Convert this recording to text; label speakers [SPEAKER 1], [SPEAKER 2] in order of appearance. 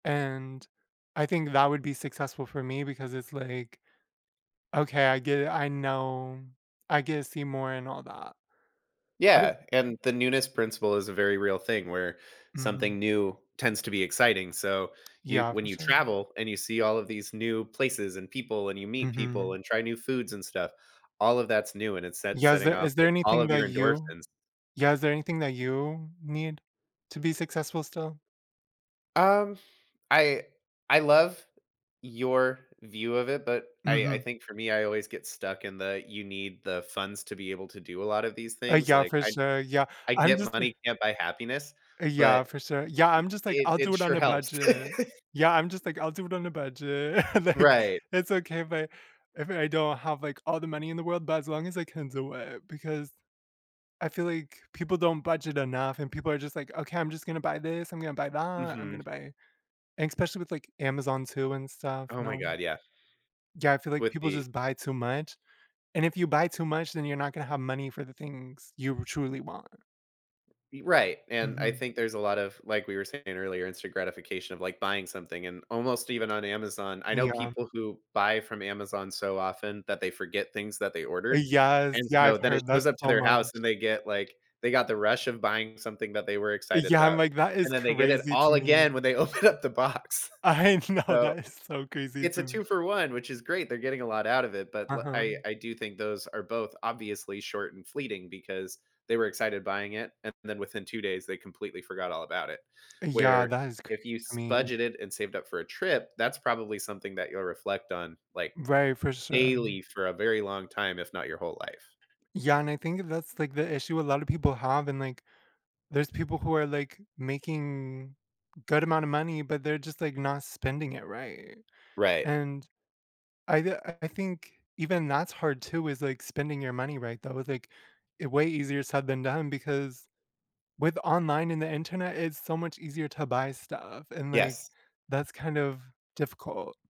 [SPEAKER 1] And I think that would be successful for me because it's like, "Okay, I get it, I know. I get see more and all that."
[SPEAKER 2] Yeah,
[SPEAKER 1] [unintelligible]
[SPEAKER 2] and the newness principle is a very real thing where, something
[SPEAKER 1] Mhm.
[SPEAKER 2] new tends to be exciting. So, you
[SPEAKER 1] Yeah,
[SPEAKER 2] when
[SPEAKER 1] for
[SPEAKER 2] you
[SPEAKER 1] certain.
[SPEAKER 2] travel and you see all of these new places and people and you meet people
[SPEAKER 1] Mhm.
[SPEAKER 2] and try new foods and stuff, all of that's new, and it's set
[SPEAKER 1] Yeah, is
[SPEAKER 2] setting
[SPEAKER 1] there
[SPEAKER 2] off,
[SPEAKER 1] is there
[SPEAKER 2] like, all of
[SPEAKER 1] anything that
[SPEAKER 2] your
[SPEAKER 1] you
[SPEAKER 2] endorphins.
[SPEAKER 1] yeah is there anything that you need to be successful still?
[SPEAKER 2] Um, I I love your view of it, but I I
[SPEAKER 1] Mhm.
[SPEAKER 2] think for me, I always get stuck in the, "You need the funds to be able to do a lot of these
[SPEAKER 1] Uh,
[SPEAKER 2] things,"
[SPEAKER 1] yeah,
[SPEAKER 2] like,
[SPEAKER 1] for
[SPEAKER 2] I
[SPEAKER 1] sure. Yeah,
[SPEAKER 2] I
[SPEAKER 1] I'm
[SPEAKER 2] get
[SPEAKER 1] just li
[SPEAKER 2] money can't buy happiness,
[SPEAKER 1] Uh, yeah,
[SPEAKER 2] but
[SPEAKER 1] for sure. Yeah, I'm just like,
[SPEAKER 2] e it
[SPEAKER 1] "I'll do
[SPEAKER 2] it
[SPEAKER 1] it on
[SPEAKER 2] sure
[SPEAKER 1] a
[SPEAKER 2] helps.
[SPEAKER 1] budget." Yeah, I'm just like, "I'll do it on a budget." Like,
[SPEAKER 2] Right.
[SPEAKER 1] it's okay if I if I don't have, like, all the money in the world, but as long as I can do it. Because I feel like, people don't budget enough and people are just like, "Okay, I'm just gonna buy this, I'm gonna buy that, I'm
[SPEAKER 2] Mhm.
[SPEAKER 1] gonna buy" and especially with, like, Amazon too and stuff, you
[SPEAKER 2] Oh my
[SPEAKER 1] know?
[SPEAKER 2] god, yeah.
[SPEAKER 1] Yeah, I feel like
[SPEAKER 2] With
[SPEAKER 1] people
[SPEAKER 2] the
[SPEAKER 1] just buy too much, and if you buy too much, then you're not gonna have money for the things you truly want.
[SPEAKER 2] Y right, and I
[SPEAKER 1] Mhm.
[SPEAKER 2] think there's a lot of like we were saying earlier, instant gratification of, like, buying something, and almost even on Amazon. I know
[SPEAKER 1] Yeah.
[SPEAKER 2] people who buy from Amazon so often that they forget things that they
[SPEAKER 1] Eh,
[SPEAKER 2] ordered,
[SPEAKER 1] yes,
[SPEAKER 2] and
[SPEAKER 1] yeah,
[SPEAKER 2] so
[SPEAKER 1] I've
[SPEAKER 2] then it
[SPEAKER 1] heard that
[SPEAKER 2] goes up to
[SPEAKER 1] so
[SPEAKER 2] their house,
[SPEAKER 1] much.
[SPEAKER 2] and they get, like, they got the rush of buying something that they were
[SPEAKER 1] Eh,
[SPEAKER 2] excited
[SPEAKER 1] yeah, I'm
[SPEAKER 2] about,
[SPEAKER 1] like that
[SPEAKER 2] and
[SPEAKER 1] is
[SPEAKER 2] then they get it
[SPEAKER 1] crazy to
[SPEAKER 2] all
[SPEAKER 1] me.
[SPEAKER 2] again when they open up the box.
[SPEAKER 1] I know,
[SPEAKER 2] So,
[SPEAKER 1] that is so crazy
[SPEAKER 2] it's
[SPEAKER 1] to
[SPEAKER 2] a
[SPEAKER 1] me.
[SPEAKER 2] 2 for 1, which is great. They're getting a lot out of it, but, l I
[SPEAKER 1] Uh-huh.
[SPEAKER 2] I do think those are both obviously short and fleeting because they were excited buying it, and then within 2 days, they completely forgot all about it.
[SPEAKER 1] Yeah,
[SPEAKER 2] Where
[SPEAKER 1] that is c
[SPEAKER 2] if you
[SPEAKER 1] I
[SPEAKER 2] s
[SPEAKER 1] mean
[SPEAKER 2] budgeted and saved up for a trip, that's probably something that you'll reflect on, like,
[SPEAKER 1] Right, for sure.
[SPEAKER 2] daily for a very long time, if not your whole life.
[SPEAKER 1] Yeah, and I think that's, like, the issue a lot of people have and, like, there's people who are, like, making, good amount of money, but they're just, like, not spending it right,
[SPEAKER 2] Right.
[SPEAKER 1] and I ju I think even that's hard too is, like, spending your money right though, like, way easier said than done because, with online and the Internet, it's so much easier to buy stuff, and, like,
[SPEAKER 2] Yes.
[SPEAKER 1] that's kind of difficult.